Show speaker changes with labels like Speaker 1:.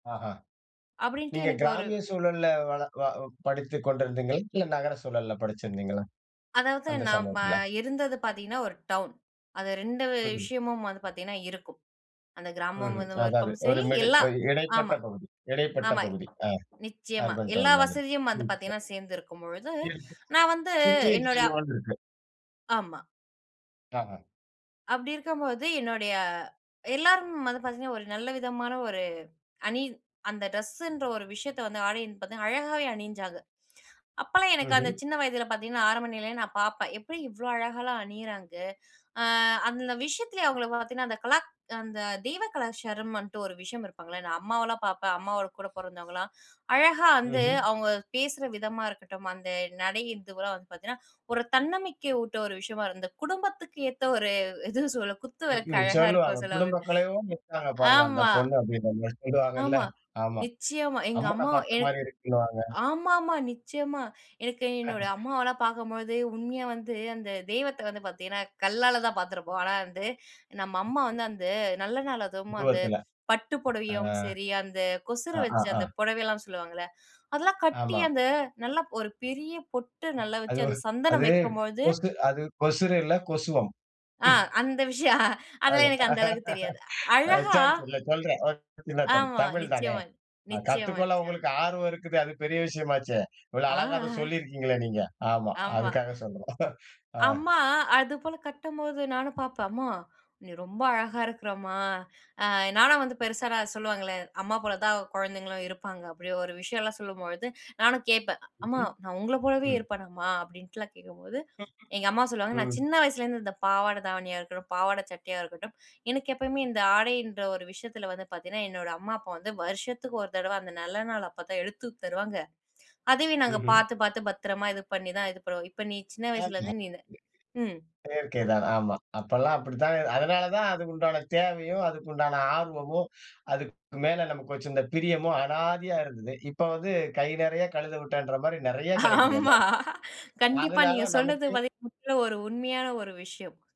Speaker 1: ஆஹ.
Speaker 2: அப்டீன்ட்டு
Speaker 1: நீங்க
Speaker 2: எனக்கு ஒரு
Speaker 1: கிராமிய சூழல்ல வள வ படித்துக் கொண்டிருந்தீங்களா? இல்ல, நகர சூழல்ல படிச்சிருந்தீங்களா?
Speaker 2: அதாவது
Speaker 1: அந்த
Speaker 2: நான் ம
Speaker 1: சமயத்துல.
Speaker 2: இருந்தது பாத்தீங்கன்னா, ஒரு டவுன். அது 2
Speaker 1: ம்ஹ்ம்.
Speaker 2: விஷயமும் வந்து பாத்தீங்கன்னா இருக்கும். அந்த கிராமம்
Speaker 1: ம்ஹ்ம்.
Speaker 2: இதுவும்
Speaker 1: அதாவது,
Speaker 2: இருக்கும்
Speaker 1: ஒரு
Speaker 2: சரி,
Speaker 1: மிடில்.
Speaker 2: எல்லா.
Speaker 1: ஒரு இடைப்பட்ட
Speaker 2: ஆமா.
Speaker 1: பகுதி இடைப்பட்ட
Speaker 2: ஆமா.
Speaker 1: பகுதி. அ
Speaker 2: நிச்சயமா
Speaker 1: அர்பன்
Speaker 2: எல்லா
Speaker 1: டவுன் மாதிரி.
Speaker 2: வசதியும் வந்து
Speaker 1: ம். சரி.
Speaker 2: பாத்தீங்கன்னா சேர்ந்து இருக்கும் பொழுது,
Speaker 1: இருக்கும்.
Speaker 2: நான் வந்து
Speaker 1: சுத்தி
Speaker 2: என்னோட
Speaker 1: [unintelligible] இருக்கும்.
Speaker 2: ஆமா.
Speaker 1: ஆஹம்.
Speaker 2: அப்டி இருக்கம்போது, என்னுடைய எல்லாரும் வந்து பாத்தீங்கன்னா ஒரு நல்ல விதமான ஒரு அணி. அந்த ட்ரெஸ்ஸுன்ற ஒரு விஷயத்த வந்து ஆடையின்னு பாத்தா, அழகாவே அணிஞ்சாங்க. அப்போலாம் எனக்கு, அந்த
Speaker 1: ம்ஹ்ம்.
Speaker 2: சின்ன வயதில பாத்தீங்கன்னா, ஆரம்ப நிலையிலயே நான் பாப்பேன். "எப்டி இவ்ளோ அழகாலாம் அணியிறாங்க?" அ அந்த விஷயத்லே அவங்கள பார்த்தீங்கன்னா, அந்த கலாக் அந்த தெய்வ கலாச்சாரமுன்ட்டு ஒரு விஷயம் இருப்பாங்கல்ல. நான் அம்மாவலாம் பாப்பேன். அம்மாவோட கூட பிறந்தவங்கலாம் அழகா வந்து,
Speaker 1: ம்ஹ்ம்.
Speaker 2: அவங்க பேசுற விதமா இருக்கட்டும், அந்த நடைங்கறதுலாம் வந்து பாத்தீங்கன்னா, ஒரு தன்னம்பிக்கை ஊட்ட ஒரு விஷயமா இருக்கும். அந்த குடும்பத்துக்கு ஏத்த ஒரு எதுவோ சொல்ல? குத்து
Speaker 1: ம்,
Speaker 2: விளக்கு
Speaker 1: ம்.
Speaker 2: அழகா
Speaker 1: சொல்வாங்க.
Speaker 2: இருக்குன்னு சொல்லுவாங்க.
Speaker 1: "குடும்பக்கலையோட இருக்காங்க, பாருங்க. அந்த
Speaker 2: ஆமா.
Speaker 1: பொண்ணு. "அப்டின்னு நம்மள சொல்லுவாங்கல்ல.
Speaker 2: ஆமா.
Speaker 1: ஆமா.
Speaker 2: நிச்சயமா. எங்க
Speaker 1: அம்மன
Speaker 2: அம்மா எ
Speaker 1: பார்த்த மாரி இருக்குன்னுவாங்க.
Speaker 2: ஆமாம்மா, நிச்சயமா. எனக்கு என்னோட அம்மாவலாம் பாக்கும்பொழுது, உண்மையா வந்து அந்த தெய்வத்த வந்து பாத்தீங்கன்னா கல்லால தான் பாத்துருப்போம். ஆனா வந்து, நம்ம அம்மா
Speaker 1: ம்.
Speaker 2: வந்து, அந்த நல்ல நாள் அதுவும் அந்த
Speaker 1: உருவத்துல.
Speaker 2: பட்டு
Speaker 1: அ.
Speaker 2: புடவையும் சரி, அந்த கொசுர வச்சு
Speaker 1: ஆஹாஹா.
Speaker 2: அந்த புடவையெல்லாம் சொல்லுவாங்கல்ல, அதெல்லாம் கட்டி,
Speaker 1: ஆமாம்.
Speaker 2: அந்த நல்ல ஒரு பெரிய பொட்டு நல்லா
Speaker 1: அது
Speaker 2: வச்சு,
Speaker 1: ஒரு
Speaker 2: அந்த சந்தனம்
Speaker 1: அதுவே
Speaker 2: வைக்கும்பொழுது
Speaker 1: கொசு அது கொசுறு இல்ல, கொசுவம்.
Speaker 2: அ. அந்த விஷயம்.
Speaker 1: அது.
Speaker 2: அதெல்லாம் எனக்கு அந்த அளவுக்கு தெரியாது.
Speaker 1: அ
Speaker 2: அழகா
Speaker 1: சரி சொல்ல்ல. சரி, சொல்றேன். [unintelligible]
Speaker 2: ஆமா.
Speaker 1: தமிழ் தானே.
Speaker 2: நிச்சயமா,
Speaker 1: அ
Speaker 2: நிச்சயமா,
Speaker 1: கத்துக்கொள்ள
Speaker 2: நிச்சயமா.
Speaker 1: உங்களுக்கு ஆர்வம் இருக்குதே. அது பெரிய விஷயமாச்சே. இவ்வளவு
Speaker 2: ஆ,
Speaker 1: அழகாக
Speaker 2: ஆஹ.
Speaker 1: சொல்லி இருக்கீங்களே நீங்க. ஆமா.
Speaker 2: ஆமா.
Speaker 1: அதுக்காக சொல்றோம். அ.
Speaker 2: அம்மா! அது போல கட்டும்போது, நானும் பாப்பேன். "அம்மா, நீ ரொம்ப அழகா இருக்குற அம்மா." அ நானும் வந்து பெருசானா, சொல்லுவாங்கல்ல, அம்மா போல தான் குழந்தைங்களும் இருப்பாங்க, அப்படி ஒரு விஷயம்லாம் சொல்லும்பொழுது, நானும் கேட்பேன், "அம்மா
Speaker 1: ம்ஹ்ம்.
Speaker 2: நான் உங்கள போலவே
Speaker 1: ம்.
Speaker 2: இருப்பேனா, அம்மா?" அப்பிடீன்ட்டுலாம் கேட்கும்போது, எங்க அம்மா சொல்லுவாங்க. நான்
Speaker 1: ம்
Speaker 2: சின்ன வயசுலேருந்து இந்த பாவாடை தாவணியா இருக்கட்டும், பாவாட சட்டையா இருக்கட்டும், எனக்கு எப்பவுமே இந்த ஆடையின்ற ஒரு விஷயத்துல வந்து பாத்தீங்கன்னா, என்னோட அம்மா, அப்பா வந்து வருஷத்துக்கு ஒரு தடவை. அந்த நல்ல நாள் அப்போ தான் எடுத்து தருவாங்க. அதையும் நாங்க
Speaker 1: ம்ஹ்ம்.
Speaker 2: பாத்து, பாத்து பத்தரமா இது பண்ணி தான் இது பண்ணுவோம். இப்ப நீ சின்ன
Speaker 1: ஆமா. [unintelligible]
Speaker 2: வயசிலருந்து நீனு ம்.
Speaker 1: செயற்கை தான். ஆமா. அப்பலாம் அப்டித்தான். அதனால தான் அதுக்கு உண்டான தேவையும், அதுக்கு உண்டான ஆர்வமும், அதுக்கு மேலே நமக்கு இந்த பிரியமும் அனாதையா இருந்தது. இப்ப வந்து "கை நிறையா கழுத விட்டான்ற" மாரி நிறையா கிடைக்குது.
Speaker 2: ஆமா.
Speaker 1: எல்லாமே.
Speaker 2: கண்டிப்பா
Speaker 1: அதனால
Speaker 2: நீங்க சொல்றது
Speaker 1: நமக்கு
Speaker 2: பாத்தீங்கன்னா முற்றிலும் ஒரு உண்மையான ஒரு விஷயம்.